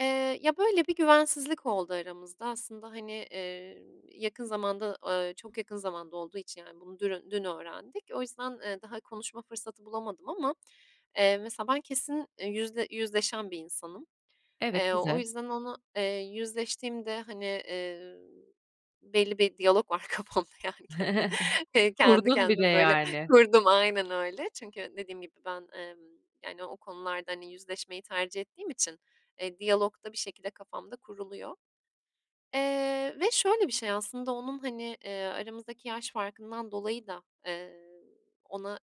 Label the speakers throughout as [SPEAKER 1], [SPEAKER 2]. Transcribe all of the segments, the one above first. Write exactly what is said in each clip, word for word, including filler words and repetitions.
[SPEAKER 1] Eee, ya böyle bir güvensizlik oldu aramızda. Aslında hani, eee, yakın zamanda, ııı, çok yakın zamanda olduğu için yani bunu dün dün öğrendik. O yüzden, ııı, daha konuşma fırsatı bulamadım ama, eee, mesela ben kesin yüzle yüzleşen bir insanım.
[SPEAKER 2] Evet,
[SPEAKER 1] Eee, o
[SPEAKER 2] güzel.
[SPEAKER 1] yüzden onu, eee, yüzleştiğimde hani, eee, belli bir diyalog var kafamda yani kendi [unintelligible] kendi
[SPEAKER 2] Kurdun bir
[SPEAKER 1] kendime
[SPEAKER 2] de
[SPEAKER 1] böyle
[SPEAKER 2] yani.
[SPEAKER 1] kurdum. Aynen öyle. Çünkü dediğim gibi ben, emm, yani o konularda hani yüzleşmeyi tercih ettiğim için, e, diyalog da bir şekilde kafamda kuruluyor. Eee, ve şöyle bir şey aslında onun hani, eee, aramızdaki yaş farkından dolayı da, eee, ona,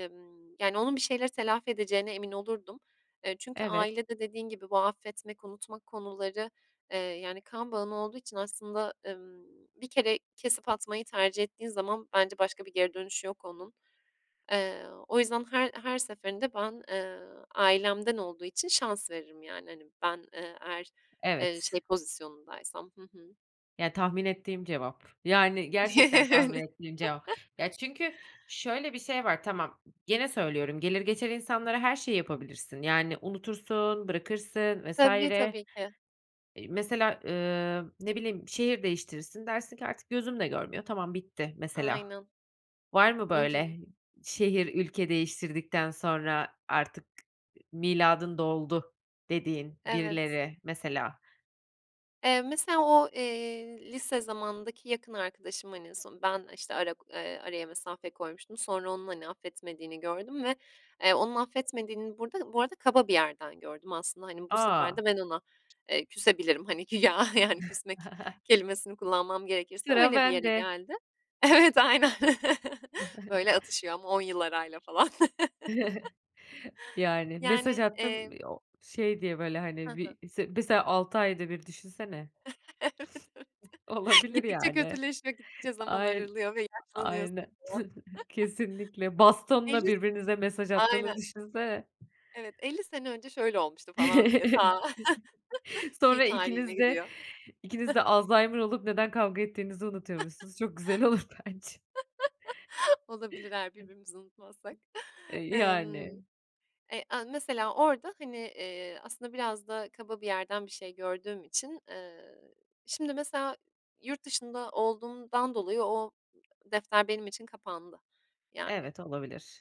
[SPEAKER 1] ımm, yani onun bir şeyleri telafi edeceğine emin olurdum. Eee, çünkü
[SPEAKER 2] Evet.
[SPEAKER 1] ailede dediğin gibi bu affetmek, unutmak konuları, eee, yani kan bağın olduğu için aslında, ımm, bir kere kesip atmayı tercih ettiğin zaman bence başka bir geri dönüşü yok onun. Eee, o yüzden her her seferinde ben, ııı, ailemden olduğu için şans veririm yani hani ben, eee, eğer, eee,
[SPEAKER 2] Evet.
[SPEAKER 1] şey pozisyonundaysam. Hı hı.
[SPEAKER 2] Ya tahmin ettiğim cevap. Yani gerçekten tahmin ettiğim cevap. Ya çünkü şöyle bir şey var. Tamam. Gene söylüyorum. Gelir geçer insanlara her şeyi yapabilirsin. Yani unutursun, bırakırsın vs.
[SPEAKER 1] Tabii,
[SPEAKER 2] Eee,
[SPEAKER 1] tabii ki.
[SPEAKER 2] mesela, ııı, ne bileyim şehir değiştirirsin dersin ki artık gözüm de görmüyor tamam bitti mesela.
[SPEAKER 1] Aynen.
[SPEAKER 2] Var mı
[SPEAKER 1] Hı hı.
[SPEAKER 2] böyle şehir ülke değiştirdikten sonra artık miladın doldu dediğin
[SPEAKER 1] Evet.
[SPEAKER 2] birileri mesela?
[SPEAKER 1] Eee, mesela o, eee, lise zamanındaki yakın arkadaşım hani en son ben işte ara k ııı, araya mesafe koymuştum. Sonra onun hani affetmediğini gördüm ve, eee, onun affetmediğini burada bu arada kaba bir yerden gördüm aslında hani bu sefer
[SPEAKER 2] A!
[SPEAKER 1] de ben ona, eee, küsebilirim hani güya yani küsmek kelimesini kullanmam gerekirse
[SPEAKER 2] Sıra
[SPEAKER 1] öyle bir yere
[SPEAKER 2] bende.
[SPEAKER 1] geldi. Evet aynen, böyle atışıyor ama on yıl arayla falan..
[SPEAKER 2] Yani
[SPEAKER 1] Yani.
[SPEAKER 2] mesaj
[SPEAKER 1] Eee.
[SPEAKER 2] attım i o şey diye böyle
[SPEAKER 1] Hı
[SPEAKER 2] hani
[SPEAKER 1] hı.
[SPEAKER 2] bir se mesela altı ayda bir düşünsene.
[SPEAKER 1] Evet evet.
[SPEAKER 2] Olabilir
[SPEAKER 1] Gittikçe
[SPEAKER 2] yani.
[SPEAKER 1] kötüleşme, gittikçe zaman
[SPEAKER 2] Ayn
[SPEAKER 1] aralıyor ve yaşlanıyorsun. [unintelligible]
[SPEAKER 2] aynen, kesinlikle bastonla
[SPEAKER 1] Elli s
[SPEAKER 2] birbirinize mesaj
[SPEAKER 1] Aynen.
[SPEAKER 2] attığını düşünsene.
[SPEAKER 1] Evet. elli sene önce şöyle olmuştu falan diye, ta fi
[SPEAKER 2] Sonra
[SPEAKER 1] tarihine
[SPEAKER 2] ikiniz de
[SPEAKER 1] gidiyor..
[SPEAKER 2] ikiniz de alzheimer olup neden kavga ettiğinizi unutuyormuşsunuz çok güzel olur bence.
[SPEAKER 1] Olabilir eğer birbirimizi unutmazsak.
[SPEAKER 2] E,
[SPEAKER 1] Emm.
[SPEAKER 2] yani.
[SPEAKER 1] Eee, a, mesela orada hani, eee, aslında biraz da kaba bir yerden bir şey gördüğüm için, ııı, şimdi mesela yurt dışında olduğumdan dolayı o defter benim için kapandı yani.
[SPEAKER 2] Evet olabilir.